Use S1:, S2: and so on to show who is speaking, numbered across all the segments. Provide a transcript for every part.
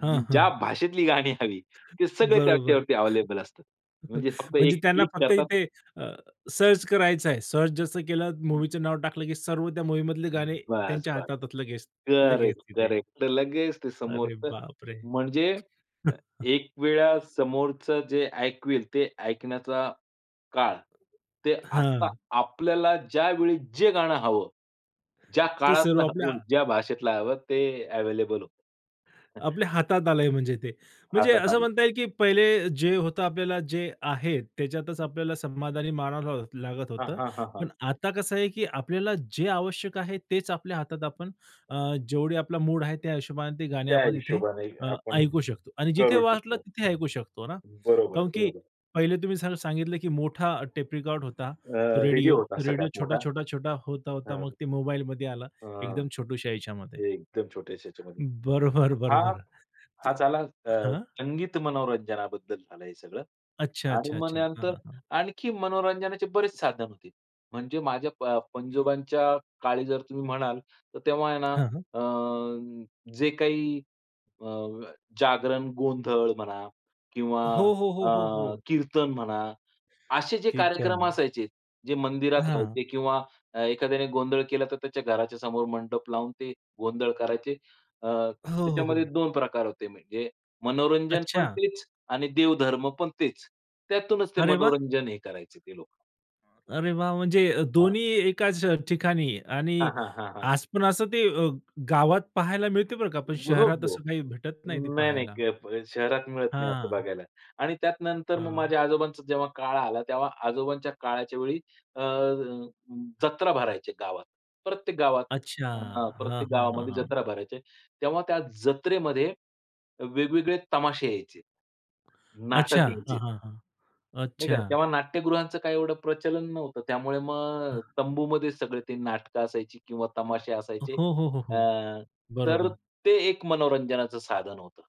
S1: हां,
S2: ज्या
S1: हां.
S2: भाषेतली गाणी हवी ते सगळे
S1: बरोबर
S2: त्याच्यावरती अवेलेबल असतात. म्हणजे फक्त
S1: म्हणजे
S2: एक
S1: त्यांना
S2: क्लिक
S1: फक्त
S2: करतात.
S1: इथे अ, सर्च करायचं आहे. सर्च जसं केलं,
S2: हं.
S1: मूव्हीचं नाव टाकलं की सर्व त्या मूव्हीमधले गाणे त्यांच्या
S2: बस-बस.
S1: हातात लगेच, लगेच तिथे.
S2: करेक्ट-करेक्ट. लगेच ते
S1: अरे
S2: समोरचं
S1: बाप रे!
S2: म्हणजे एकवेळा समोरचं जे ऐकवेल ते ऐकण्याचा काळ ते आता
S1: हां.
S2: आपल्याला ज्यावेळी जे गाणं हवं, ज्या
S1: ते सर्व
S2: काळातलं
S1: आपल्या
S2: हवं, ज्या भाषेतला हवं, ते अवेलेबल
S1: आपल्या हातात आलंय म्हणजे ते. म्हणजे
S2: हातात
S1: असं
S2: आलं.
S1: म्हणता येईल की पहिले जे होतं आपल्याला जे आहे त्याच्यातच आपल्याला समाधानी मानावं लाग लागत
S2: हां,
S1: होतं.
S2: हां, हां,
S1: पण
S2: हां.
S1: आता कसं आहे की आपल्याला जे आवश्यक आहे तेच आपल्या हातात आपण अ, जेवढे आपला मूड आहे ते त्या हिशोबाने ते गाणे
S2: त्या
S1: आपण तिथे
S2: हिशोबाने
S1: अ,
S2: आपण
S1: ऐकू शकतो आणि जिथे
S2: करू
S1: वाटलं
S2: शकतो.
S1: तिथे ऐकू शकतो ना.
S2: बरोबर
S1: कारण की
S2: बरोबर.
S1: पहिले तुम्ही सां सांगितलं की मोठा टेप रिकॉर्ड होता तो
S2: अ, रेडिओ
S1: रेडिओ.
S2: होता
S1: रेडिओ
S2: सगळ्यात
S1: छोटा,
S2: मोठा
S1: छोटा, छोटा होता-होता
S2: हां.
S1: मग ते मोबाईलमध्ये आला
S2: हां.
S1: एकदम छोटूश्या ह्याच्यामध्ये.
S2: एकदम छोट्यास्या ह्याच्यामध्ये
S1: बरोबर
S2: हा,
S1: बरोबर. तर
S2: हा झाला अ,
S1: हां.
S2: संगीत मनोरंजनाबद्दल झालं हे सगळं.
S1: अच्छा,
S2: आणि
S1: अच्छा,
S2: मग
S1: अच्छा. हां,
S2: त्यानंतर
S1: हां, हां.
S2: आणखी मनोरंजनाचे बरेच साधन होते. म्हणजे माझ्या प पंजोबांच्या काळी जर तुम्ही म्हणाल तर तेव्हा आहे ना
S1: हां, हां.
S2: अ, जे काही अ, जागरण, गोंधळ म्हणा किंवा
S1: हो, हो, हो, हो,
S2: अ,
S1: हो.
S2: कीर्तन म्हणा, असे जे कार्यक्रम
S1: कीर्तन.
S2: असायचे जे मंदिरात
S1: हां.
S2: व्हायचे किंवा एखाद्याने गोंधळ केला तर त्याच्या घराच्या समोर मंडप लावून ते गोंधळ करायचे. अ,
S1: हो, हो,
S2: त्याच्यामध्ये
S1: हो.
S2: 2 प्रकार होते. म्हणजे मनोरंजन पण
S1: अच्छा.
S2: तेच आणि देवधर्म पण तेच. त्यातूनच ते
S1: अरे वाह!
S2: मनोरंजन हे करायचे ते लोकं.
S1: अरे वाह! म्हणजे
S2: हां.
S1: दोन्ही एकाच ठिकाणी आणि
S2: हां, हां, हां, हां.
S1: आज पण असं ते गावात पहायला मिळते बरं का पण
S2: हो,
S1: शहरात
S2: हो.
S1: असं काही भेटत नाही, ते
S2: नाही-नाही.
S1: पाहायला.
S2: अ, शहरात मिळत नाही असं
S1: हां.
S2: बघायला. आणि त्यात नंतर मग
S1: हां.
S2: माझ्या आजोबांचा जेव्हा काळ आला तेव्हा आजोबांच्या काळाच्या वेळी अ, जत्रा भरायचे गावात. प्रत्येक गावात
S1: अच्छा.
S2: अ,
S1: हां,
S2: प्रत्येक
S1: हां, हां,
S2: गावामध्ये
S1: हां.
S2: जत्रा भरायचे. तेव्हा त्या जत्रेमध्ये वेगवेगळे तमाशे यायचे.
S1: अच्छा.
S2: नाटक
S1: हां,
S2: यायचे.
S1: हां, हां.
S2: नाही का.
S1: अच्छा.
S2: तेव्हा नाट्यगृहांचं काय एवढं प्रचलन नव्हतं. त्यामुळे मग अ,
S1: हां.
S2: तंबूमध्ये सगळे ते नाटकं असायची किंवा तमाशे
S1: हो,
S2: असायचे.
S1: हो, हो,
S2: अ,
S1: हो.
S2: तर
S1: बरोबर.
S2: ते एक मनोरंजनाचं साधन होतं.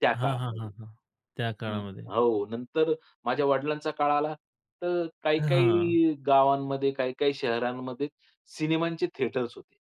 S2: त्या
S1: हां, हां, हां,
S2: काळामध्ये
S1: हां. त्या
S2: हं.
S1: काळामध्ये.
S2: हो नंतर माझ्या वडिलांचा काळ आला तर
S1: हां.
S2: काही-काही गावांमध्ये, काही-काही शहरांमध्ये सिनेमांचे थिएटर्स होते.